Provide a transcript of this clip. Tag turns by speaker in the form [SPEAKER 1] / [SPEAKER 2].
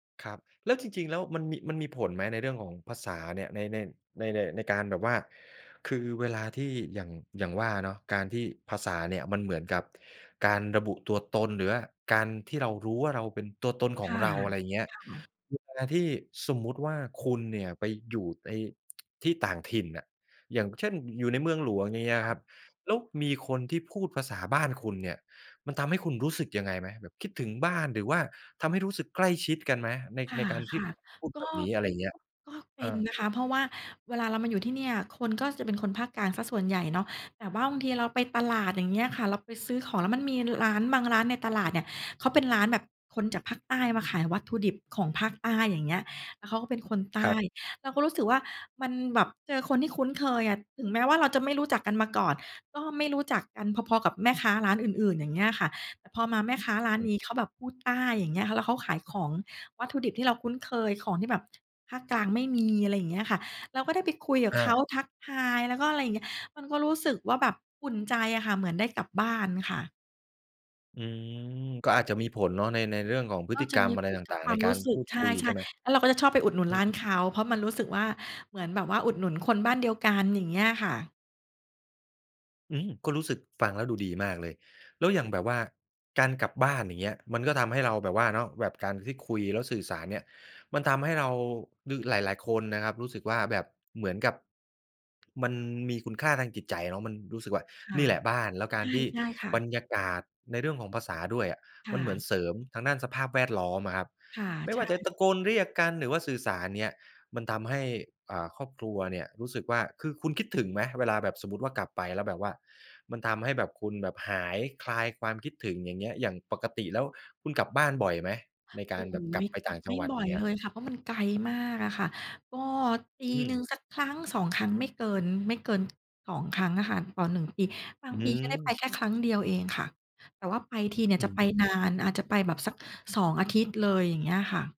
[SPEAKER 1] ครับ แล้วจริง ๆ แล้ว มันมี มันมีผลไหม ในเรื่องของภาษาเนี่ย ใน ใน ใน ใน ในการแบบว่า คือเวลาที่อย่าง อย่างว่าเนาะ การที่ภาษาเนี่ยมันเหมือนกับการระบุตัวตน หรือว่าการที่เรารู้ว่าเราเป็นตัวตนข
[SPEAKER 2] ค
[SPEAKER 1] อง
[SPEAKER 2] ่ะ
[SPEAKER 1] เรา อะไรเงี้ย
[SPEAKER 2] ค่ะ
[SPEAKER 1] เวลาที่สมมุติว่า คุณเนี่ยไปอยู่ใน ที่ต่างถิ่นน่ะ อย่างเช่น อยู่ในเมืองหลวง อย่างเงี้ย
[SPEAKER 2] ค่
[SPEAKER 1] ค
[SPEAKER 2] ะ
[SPEAKER 1] รับ แล้วมีคนที่พูดภาษาบ้านคุณเนี่ย มันทำให้คุณรู้สึกยังไงไหม แบบคิดถึงบ้าน หรือว่าทำให้รู้สึกใกล้ชิดกันไหม? ใน
[SPEAKER 2] ค่
[SPEAKER 1] ในการที่
[SPEAKER 2] ะ
[SPEAKER 1] พูด
[SPEAKER 2] ๆ ก
[SPEAKER 1] แบ
[SPEAKER 2] ็
[SPEAKER 1] บนี้? อะไรเงี้ย
[SPEAKER 2] ก็ ก็เป
[SPEAKER 1] อ
[SPEAKER 2] ็น
[SPEAKER 1] า
[SPEAKER 2] นะคะ เพราะว่าเวลาเรามาอยู่ที่เนี่ย คนก็จะเป็นคนภาคกลางเสียส่วนใหญ่เนาะ แต่ว่าบางทีเราไปตลาด อย่างเงี้ยค่ะ เราไปซื้อของ แล้วมันมีร้านบางร้านในตลาดเนี่ย เขาเป็นร้านแบบ คนจากภาคใต้มาขายวัตถุดิบของภาคใต้ อย่างเงี้ย แล้วเขาก็เป็นคนใต
[SPEAKER 1] ครั
[SPEAKER 2] ้
[SPEAKER 1] บ
[SPEAKER 2] เราก็รู้สึกว่ามันแบบเจอคนที่คุ้นเคยอะ ถึงแม้ว่าเราจะไม่รู้จักกันมาก่อน ก็ไม่รู้จักกันพอ ๆ กับแม่ค้าร้านอื่น ๆ อย่างเงี้ยอะค่ะ แต่พอมาแม่ค้าร้าน
[SPEAKER 1] อ
[SPEAKER 2] น
[SPEAKER 1] ืม
[SPEAKER 2] ี้เขาแบบพูดใต้ อย่างเงี้ย แล้วเขาขายของ วัตถุดิบที่เราคุ้นเคย ของที่แบบภาคกลางไม่มี อะไรอย่างเงี้ยค่ะ เราก็ได้ไปคุยกับ
[SPEAKER 1] อ
[SPEAKER 2] เขา
[SPEAKER 1] า
[SPEAKER 2] ทักทาย แล้วก็ อะไรเงี้ย มันก็รู้สึกว่าแบบอุ่นใจอะค่ะ เหมือนได้กลับบ้านค่ะ
[SPEAKER 1] อืม ก็อาจจะมีผลเนาะ ใน ในเรื่องของพฤ
[SPEAKER 2] ก็
[SPEAKER 1] ติ
[SPEAKER 2] จ
[SPEAKER 1] ก
[SPEAKER 2] ะ
[SPEAKER 1] รร
[SPEAKER 2] ม
[SPEAKER 1] ม
[SPEAKER 2] ี
[SPEAKER 1] อะไ
[SPEAKER 2] ผ
[SPEAKER 1] ร
[SPEAKER 2] ล
[SPEAKER 1] ต
[SPEAKER 2] กับ
[SPEAKER 1] ่าง
[SPEAKER 2] คว
[SPEAKER 1] ๆ ใ
[SPEAKER 2] า
[SPEAKER 1] น
[SPEAKER 2] ม
[SPEAKER 1] ก
[SPEAKER 2] รู
[SPEAKER 1] า
[SPEAKER 2] ้
[SPEAKER 1] ร
[SPEAKER 2] สึ
[SPEAKER 1] พ
[SPEAKER 2] ก
[SPEAKER 1] ูด
[SPEAKER 2] ใช
[SPEAKER 1] คุย ใช
[SPEAKER 2] ่
[SPEAKER 1] ่ไหม?
[SPEAKER 2] ๆ แล้วเราก็จะชอบไปอุดหนุน
[SPEAKER 1] อื
[SPEAKER 2] ร้าน
[SPEAKER 1] ม
[SPEAKER 2] เขา เพราะมันรู้สึกว่าเหมือนแบบว่าอุดหนุนคนบ้านเดียวกัน อย่างเงี้ยค่ะ
[SPEAKER 1] อืม ก็รู้สึกฟังแล้วดูดีมากเลย แล้วอย่างแบบว่าการกลับบ้าน อย่างเงี้ย มันก็ทำให้เราแบบว่าเนาะ แบบการที่คุยแล้วสื่อสารเนี่ย มันทำให้เราหรือหลาย ๆ คนนะครับรู้สึกว่าแบบเหมือนกับ มันมีคุณค่าทางจิตใจเนาะ มันรู้สึกว่า
[SPEAKER 2] ค่
[SPEAKER 1] "น
[SPEAKER 2] ะ
[SPEAKER 1] ี่แหละบ้าน" แล้วก
[SPEAKER 2] ใ
[SPEAKER 1] า
[SPEAKER 2] ช
[SPEAKER 1] ร
[SPEAKER 2] ่
[SPEAKER 1] ที่
[SPEAKER 2] ใช่ค่
[SPEAKER 1] บร
[SPEAKER 2] ะ
[SPEAKER 1] รยากาศในเรื่องของภาษาด้วยอะ
[SPEAKER 2] ค
[SPEAKER 1] ม
[SPEAKER 2] ่
[SPEAKER 1] ันเหมือน
[SPEAKER 2] ะ
[SPEAKER 1] เสริมทางด้านสภาพแวดล้อมอะครับ
[SPEAKER 2] ค่ะ
[SPEAKER 1] ไม่
[SPEAKER 2] ใช
[SPEAKER 1] ว่าจะ
[SPEAKER 2] ่
[SPEAKER 1] ตะโกนเรียกกัน หรือว่าสื่อสาร อย่างเงี้ย มันทำให้ เอ่อ ครอบครัวเนี่ย รู้สึกว่า คือคุณคิดถึงไหม? เวลาแบบสมมุติว่ากลับไปแล้วแบบว่า มันทำให้แบบคุณแบบหาย คลายความคิดถึง อย่างเงี้ย อย่างปกติแล้ว คุณกลับบ้านบ่อยไหม ในก
[SPEAKER 2] โอ
[SPEAKER 1] า
[SPEAKER 2] ้
[SPEAKER 1] ร
[SPEAKER 2] โฮ
[SPEAKER 1] แบบกลับไป
[SPEAKER 2] ก
[SPEAKER 1] ต
[SPEAKER 2] ล
[SPEAKER 1] ่
[SPEAKER 2] ั
[SPEAKER 1] า
[SPEAKER 2] บ
[SPEAKER 1] งจ
[SPEAKER 2] ไ
[SPEAKER 1] ั
[SPEAKER 2] ม
[SPEAKER 1] ง
[SPEAKER 2] ่
[SPEAKER 1] หวัด?
[SPEAKER 2] บ
[SPEAKER 1] อย
[SPEAKER 2] ่
[SPEAKER 1] ่
[SPEAKER 2] อ
[SPEAKER 1] าง
[SPEAKER 2] ย
[SPEAKER 1] เงี้ย
[SPEAKER 2] เลยค่ะ เพราะมันไกลมากอะค่ะ ก็ป
[SPEAKER 1] อ
[SPEAKER 2] ี
[SPEAKER 1] ื
[SPEAKER 2] หนึ่ง
[SPEAKER 1] ม
[SPEAKER 2] สัก 1-2 ครั้ง ไม่เกิน ไม่เกิน 2 ครั้งอะค่ะ ต่อ 1 ปี บาง
[SPEAKER 1] อ
[SPEAKER 2] ปีก็ได้ไป
[SPEAKER 1] ืม
[SPEAKER 2] แค่ครั้งเดียวเองค่ะ แต่ว่าไปทีเนี่ย
[SPEAKER 1] อื
[SPEAKER 2] จะ
[SPEAKER 1] อ
[SPEAKER 2] ไป
[SPEAKER 1] ฮึ
[SPEAKER 2] นาน อาจจะไปแบบสัก 2 อาทิตย์เลย อย่างเงี้ยค่ะ